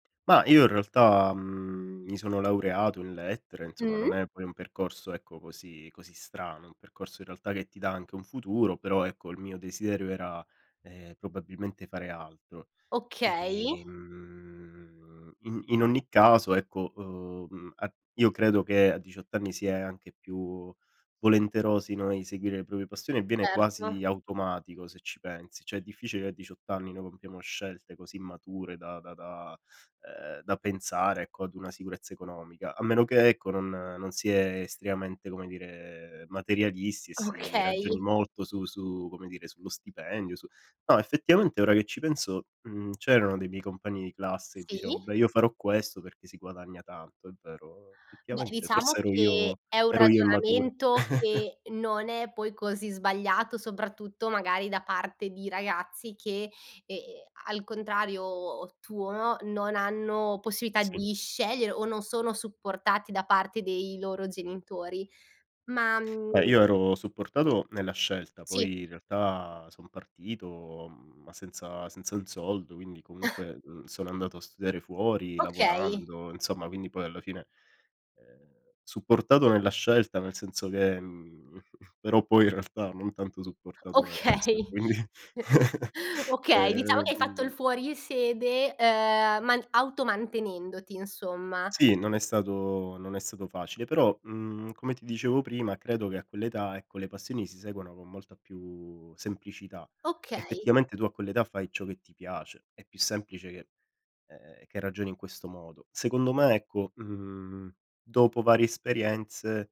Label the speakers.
Speaker 1: Ma io in realtà, mhmm, mi sono laureato in Lettere, insomma
Speaker 2: Mh.
Speaker 1: non è poi un percorso ecco così così strano; è un percorso, in realtà, che ti dà anche un futuro, però ecco, il mio desiderio era, ehm, probabilmente fare altro.
Speaker 2: Okay.
Speaker 1: E, mhmm, in in ogni caso, ecco, uhm, a io credo che a 18 anni si è anche più volenterosi, no, a inseguire le proprie passioni e viene
Speaker 2: Certo.
Speaker 1: quasi automatico, se ci pensi. Cioè è difficile a 18 anni noi compiamo scelte così mature da da da ehm, da pensare, ecco, ad una sicurezza economica; a meno che ecco, non non si è estremamente, come dire, materialisti e si ragioni
Speaker 2: Okay.
Speaker 1: molto su su come dire, sullo stipendio, su no, effettivamente ora che ci penso, mhmm, c'erano dei miei compagni di classe che dicevo:
Speaker 2: Sì.
Speaker 1: “Beh, io farò questo perché si guadagna tanto.” È vero.
Speaker 2: Beh,
Speaker 1: Effettivamente forse
Speaker 2: diciamo
Speaker 1: ero
Speaker 2: che
Speaker 1: io
Speaker 2: è un
Speaker 1: ero io immaturo.
Speaker 2: ragionamento che non è poi così sbagliato, soprattutto, magari, da parte di ragazzi che, ehm, al contrario tuo, non hanno possibilità
Speaker 1: Sì.
Speaker 2: di scegliere o non sono supportati da parte dei loro genitori. Ma,
Speaker 1: Eh,
Speaker 2: mhmm
Speaker 1: io ero supportato, nella scelta,
Speaker 2: Sì.
Speaker 1: poi in realtà son partito, mhmm, ma senza senza un soldo, quindi comunque, mhmm, sono andato a studiare fuori,
Speaker 2: Okay.
Speaker 1: lavorando, insomma, quindi poi, alla fine ehm, supportato nella scelta nel senso che, mhmm però, poi in realtà non tanto supportato nel resto, e
Speaker 2: Okay.
Speaker 1: quindi
Speaker 2: Okay, diciamo che hai fatto il
Speaker 1: ehm
Speaker 2: fuorisede, uhm, man automantenendoti, insomma.
Speaker 1: Sì, non è stato non è stato facile, però, mhmm, come ti dicevo prima, credo che a quell'età, ecco, le passioni si seguano con molta più semplicità.
Speaker 2: Okay.
Speaker 1: Effettivamente tu a quell'età fai ciò che ti piace, è più semplice che ehm, che ragioni in questo modo. Secondo me, ecco, mhmm, dopo varie esperienze